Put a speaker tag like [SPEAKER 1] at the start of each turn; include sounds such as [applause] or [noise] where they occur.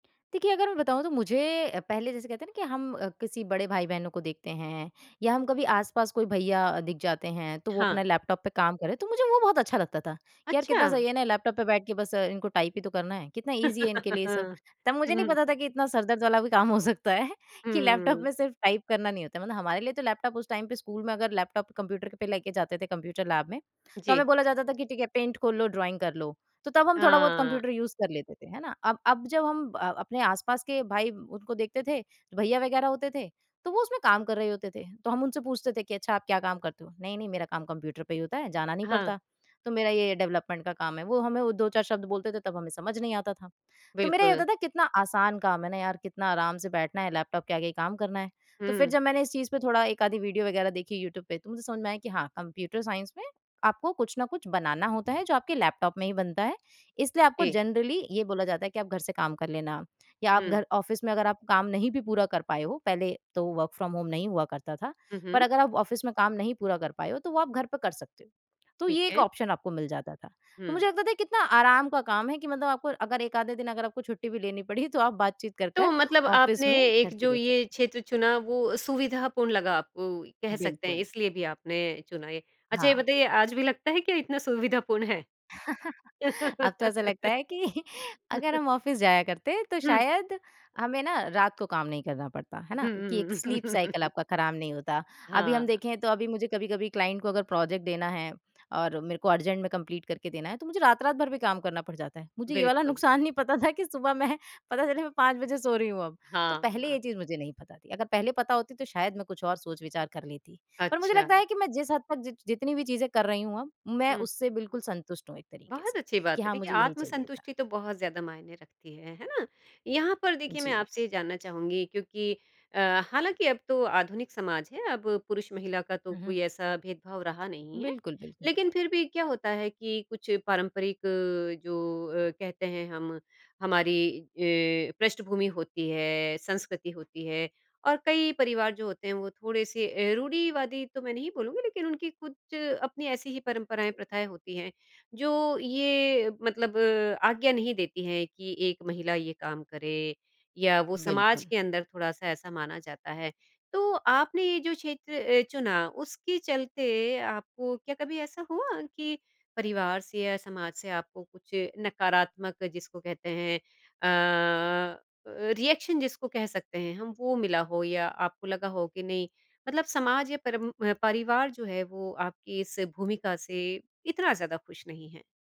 [SPEAKER 1] देखिए, अगर मैं बताऊँ तो मुझे अ, पहले जैसे कहते हैं ना कि हम किसी बड़े भाई-बहनों को देखते हैं या हम कभी आस-पास कोई भैया दिख जाते हैं तो वो
[SPEAKER 2] हाँ।
[SPEAKER 1] अपना लैपटॉप पे काम कर रहे हैं, तो मुझे वो बहुत अच्छा लगता था कि यार कितना
[SPEAKER 2] अच्छा।
[SPEAKER 1] सही है ना, लैपटॉप पे बैठ के बस इनको टाइप ही तो करना है, कितना ईज़ी है इनके लिए सब।
[SPEAKER 2] [laughs]
[SPEAKER 1] तब मुझे नहीं
[SPEAKER 2] हुँ।
[SPEAKER 1] पता था कि इतना सर दर्द वाला भी काम हो सकता है, कि लैपटॉप
[SPEAKER 2] हुँ।
[SPEAKER 1] में सिर्फ़ टाइप करना नहीं होता है। मतलब हमारे लिए तो लैपटॉप उस टाइम पे स्कूल में अगर लैपटॉप कंप्यूटर पे लेके जाते थे कंप्यूटर लैब में, तो हमें
[SPEAKER 2] जी।
[SPEAKER 1] बोला जाता था कि ठीक है, पेंट खोल लो, ड्रॉइंग कर लो, तो तब हम थोड़ा-बहुत
[SPEAKER 2] हाँ।
[SPEAKER 1] कंप्यूटर यूज़ कर लेते थे, है ना? अब अब जब हम अ, अपने आस-पास के भाई उनको देखते थे, भैया वगैरह होते थे, तो वो उसमें काम कर रहे होते थे, तो हम उनसे पूछते थे कि, "अच्छा, आप क्या काम करते हो? नहीं-नहीं मेरा काम कंप्यूटर पे ही होता है, जाना नहीं
[SPEAKER 2] हाँ।
[SPEAKER 1] पड़ता।" तो मेरा ये डेवलपमेंट का काम है, वो हमें वो 2-4 शब्द बोलते थे तब हमें समझ नहीं आता था। तो मेरा ये
[SPEAKER 2] बिल्कुल।
[SPEAKER 1] होता था कि कितना आसान काम है ना यार, कितना आराम से बैठना है, लैपटॉप के आगे ही काम करना है, तो फिर
[SPEAKER 2] हुँ।
[SPEAKER 1] जब मैंने इस चीज़ पे थोड़ा 1 आधी वीडियो वगैरह देखी यूट्यूब पे तो मुझे समझ में आया कि हाँ, कंप्यूटर साइंस में आपको कुछ न कुछ बनाना होता है, जो आपके लैपटॉप में ही बनता है, इसलिए आपको
[SPEAKER 2] जी।
[SPEAKER 1] जनरली ये बोला जाता है कि आप घर से काम कर लेना या आप
[SPEAKER 2] हुँ।
[SPEAKER 1] घर ऑफ़िस में अगर आप काम नहीं भी पूरा कर पाए हो पहले तो वर्क फ्रॉम होम नहीं हुआ करता था।
[SPEAKER 2] हुँ,
[SPEAKER 1] पर
[SPEAKER 2] हुँ।
[SPEAKER 1] अगर आप ऑफ़िस में काम नहीं पूरा कर पाए हो, तो वो आप घर पर कर सकते हो। तो
[SPEAKER 2] ठीक
[SPEAKER 1] ये एक
[SPEAKER 2] है।
[SPEAKER 1] ऑप्शन आपको मिल जाता था तो
[SPEAKER 2] हुँ।
[SPEAKER 1] मुझे लगता था कितना आराम का काम है कि मतलब आपको अगर 1 आधे दिन अगर आपको छुट्टी भी लेनी पड़ी तो आप बातचीत
[SPEAKER 2] तो
[SPEAKER 1] करकर
[SPEAKER 2] मतलब आपने
[SPEAKER 1] ऑफ़िस में घर
[SPEAKER 2] एक
[SPEAKER 1] से
[SPEAKER 2] जो
[SPEAKER 1] दे सकते हैं।
[SPEAKER 2] ये क्षेत्र चुना वो सुविधापूर्ण लगा आपको, कह सकते हैं
[SPEAKER 1] बिल्कुल।
[SPEAKER 2] इसलिए भी आपने चुना ये। अच्छा, ये
[SPEAKER 1] हाँ।
[SPEAKER 2] बताइए आज भी लगता है क्या इतना सुविधापूर्ण है?
[SPEAKER 1] [chuckles] अब तो ऐसा लगता
[SPEAKER 2] [laughs]
[SPEAKER 1] है कि अगर
[SPEAKER 2] [chuckles]
[SPEAKER 1] हम ऑफ़िस जाया करते तो
[SPEAKER 2] हुँ।
[SPEAKER 1] शायद हमें ना रात को काम नहीं करना पड़ता है ना, कि
[SPEAKER 2] हुँ।
[SPEAKER 1] एक स्लीप साइकिल
[SPEAKER 2] [chuckles]
[SPEAKER 1] आपका ख़राब नहीं होता। अभी हम
[SPEAKER 2] हाँ।
[SPEAKER 1] देखे तो अभी मुझे कभी-कभी क्लाइंट को प्रोजेक्ट देना है और मेरे को अर्जेंट में कंप्लीट करके देना है, तो मुझे रात-रात भर भी काम करना पड़ जाता है। मुझे ये वाला
[SPEAKER 2] बिल्कुल।
[SPEAKER 1] नुक़सान नहीं पता था कि सुबह मैं पता चले मैं 5 बजे सो रही हूँ अब। तो पहले
[SPEAKER 2] हाँ।
[SPEAKER 1] ये चीज़ मुझे नहीं पता थी, अगर पहले पता होती तो शायद मैं कुछ और सोच-विचार कर लेती, पर मुझे लगता
[SPEAKER 2] अच्छा।
[SPEAKER 1] है कि मैं जिस हद तक जि जितनी भी चीजें कर रही हूँ अब, मैं
[SPEAKER 2] हुँ।
[SPEAKER 1] उससे बिल्कुल संतुष्ट हूँ एक तरीक़े
[SPEAKER 2] बहुत
[SPEAKER 1] से
[SPEAKER 2] अच्छी बात
[SPEAKER 1] कि
[SPEAKER 2] है
[SPEAKER 1] हाँ,
[SPEAKER 2] देखिए,
[SPEAKER 1] मुझे यही चाहिए था।
[SPEAKER 2] आत्मसंतुष्टि तो बहुत ज़्यादा मायने रखती है है ना। यहाँ पर देखिए मैं
[SPEAKER 1] जी।
[SPEAKER 2] आपसे ये जानना चाहूँगी क्योंकि अ, हालाँकि अब तो आधुनिक समाज है, अब पुरुष-महिला का तो
[SPEAKER 1] हुँ, हुँ।
[SPEAKER 2] कोई ऐसा भेदभाव रहा नहीं है।
[SPEAKER 1] बिल्कुल, बिल्कुल।
[SPEAKER 2] लेकिन फिर भी क्या होता है कि कुछ पारंपरिक अ, जो अ, कहते हैं हम हमारी अ, पृष्ठभूमि होती है, संस्कृति होती है और कई परिवार जो होते हैं वो थोड़े-से अ, रूढ़िवादी तो मैं नहीं बोलूँगी लेकिन उनकी कुछ अपनी ऐसी ही परंपराएँ प्रथाएँ होती हैं, जो ये मतलब आज्ञा नहीं देती हैं कि एक महिला ये काम करे या वो समाज
[SPEAKER 1] बिल्कुल।
[SPEAKER 2] के अंदर थोड़ा-सा ऐसा माना जाता है। तो आपने ये जो क्षेत्र अ, चुना उसके चलते आपको क्या कभी ऐसा हुआ कि, परिवार से या समाज से आपको कुछ नकारात्मक जिसको कहते हैं अ अ, रिएक्शन जिसको कह सकते हैं हम वो मिला हो या आपको लगा हो कि नहीं, मतलब समाज या परम अ, परिवार जो है वो आपकी इस भूमिका से इतना ज़्यादा खुश नहीं है?